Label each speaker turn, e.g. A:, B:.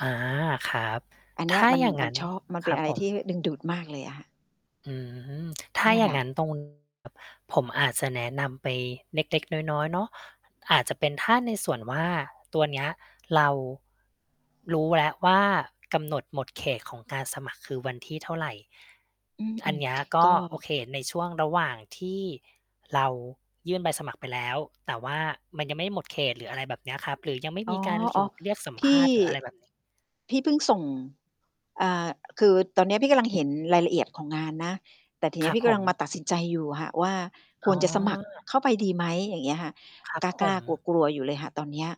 A: อา ครับ
B: อันเน
A: ถ
B: ี้ย
A: ้า
B: มัน
A: อย่างง
B: มั
A: ั
B: น
A: ้น
B: ชอบ มันเ
A: ค
B: ป็
A: ร
B: น
A: ับ
B: อะไร
A: ผ
B: ท
A: ม
B: ี่ดึงดูดมากเลยอะค่ะ
A: อืม ถ้า
B: เนี่
A: อ
B: ย
A: ย
B: แ
A: ่
B: ห
A: า
B: ล
A: ง
B: ะ
A: งั้น ตรง ผมอาจจะแนะนำไปเล็ก ๆ น้อย ๆ เนาะ อาจจะเป็น ถ้าในส่วนว่า ตัวเนี้ยเรา รู้แล้วว่า กำหนดหมดเขตของการสมัครคือวันที่เท่าไร
B: อื
A: อัน
B: ม
A: เนี้ย
B: ๆ
A: ก
B: ก
A: ็
B: ็
A: โอเคในช่วงระหว่างที่เรายื่นใบสมัครไปแล้ว แต่ว่ามันยังไม่หมดเขต หรืออะไรแบบเนี้ยครับ หรือยังไม่
B: อ๋
A: ม
B: อ
A: ีการถูก เรียกสัม
B: ๆ พ
A: ภ
B: ี่
A: าษณ์ หรืออะไรแบบ นี้
B: พี่พึ่งส่ง อ่า คือตอนนี้พี่กำลังเห็นรายละเอียดของงานนะ แต่ทีน
A: ค
B: ี้
A: รับ
B: พี่ก
A: ผ
B: ำลังมา
A: ม
B: ตัดสินใจอยู่ค่ะว่า ค
A: อ๋
B: วร
A: อ
B: จะสมัครเข้าไปดีไหม อย่างเงี้ยค่ะ
A: ครับ
B: กล
A: ผ
B: ้า
A: ม
B: ๆ กลัว ๆ อยู่เลยค่ะตอนเนี้ย